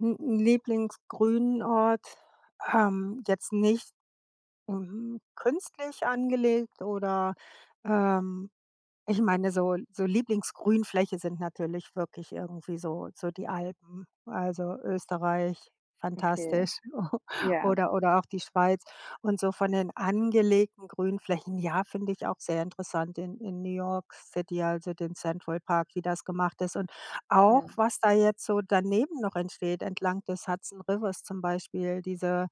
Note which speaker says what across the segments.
Speaker 1: Hm, 'n Lieblingsgrünort, ähm, jetzt nicht, hm, künstlich angelegt oder, ähm Ich meine so so Lieblingsgrünfläche sind natürlich wirklich irgendwie so so die Alpen. Also, Österreich,
Speaker 2: Okay,
Speaker 1: fantastisch
Speaker 2: ja.
Speaker 1: oder oder auch die Schweiz. Und so von den angelegten Grünflächen, ja, finde ich auch sehr interessant. In in New York City, also, den Central Park, wie das gemacht ist. Und auch,
Speaker 2: Ja.
Speaker 1: was da jetzt so daneben noch entsteht entlang des Hudson Rivers zum Beispiel, diese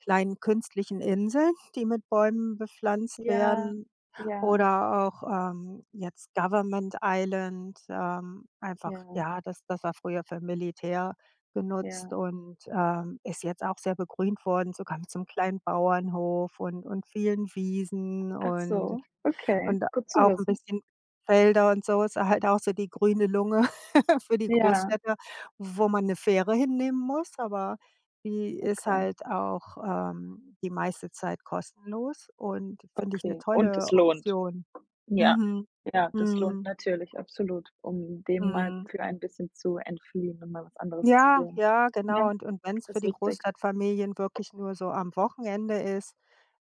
Speaker 1: kleinen künstlichen Inseln, die mit Bäumen bepflanzt
Speaker 2: Ja,
Speaker 1: werden
Speaker 2: ja.
Speaker 1: oder auch, ähm, jetzt Government Island, ähm, einfach
Speaker 2: Ja.
Speaker 1: ja, das das war früher für Militär genutzt
Speaker 2: Ja.
Speaker 1: und, ähm, ist jetzt auch sehr begrünt worden, sogar mit so 'nem kleinen Bauernhof und und vielen Wiesen und
Speaker 2: Achso, okay,
Speaker 1: und
Speaker 2: gut zu
Speaker 1: auch 'n
Speaker 2: wissen.
Speaker 1: bisschen Felder und so. Ist a halt auch so die grüne Lunge für die
Speaker 2: Ja.
Speaker 1: Großstädte, wo man 'ne Fähre hinnehmen muss, aber die ist
Speaker 2: Okay.
Speaker 1: halt auch, ähm, die meiste Zeit kostenlos und finde ich 'ne
Speaker 2: Okay, und das
Speaker 1: tolle
Speaker 2: lohnt.
Speaker 1: Option.
Speaker 2: Ja.
Speaker 1: Mhm.
Speaker 2: Ja, das lohnt
Speaker 1: Mhm.
Speaker 2: natürlich, absolut, um dem mal
Speaker 1: Mhm.
Speaker 2: für ein bisschen zu entfliehen und mal was anderes zu
Speaker 1: Ja,
Speaker 2: sehen.
Speaker 1: ja, genau.
Speaker 2: Ja,
Speaker 1: Und und wenn's für
Speaker 2: ist
Speaker 1: die
Speaker 2: wichtig.
Speaker 1: Großstadtfamilien wirklich nur so am Wochenende ist,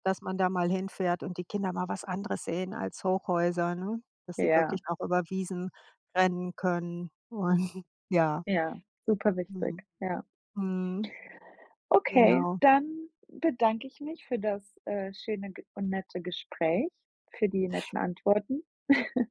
Speaker 1: dass man da mal hinfährt und die Kinder mal was anderes sehen als Hochhäuser, ne? Dass sie
Speaker 2: Ja.
Speaker 1: wirklich auch über Wiesen rennen können und ja.
Speaker 2: Ja, super
Speaker 1: Mhm.
Speaker 2: wichtig, ja.
Speaker 1: Mhm.
Speaker 2: Okay,
Speaker 1: Genau.
Speaker 2: dann bedanke ich mich für das, äh, schöne G und nette Gespräch, für die netten Antworten.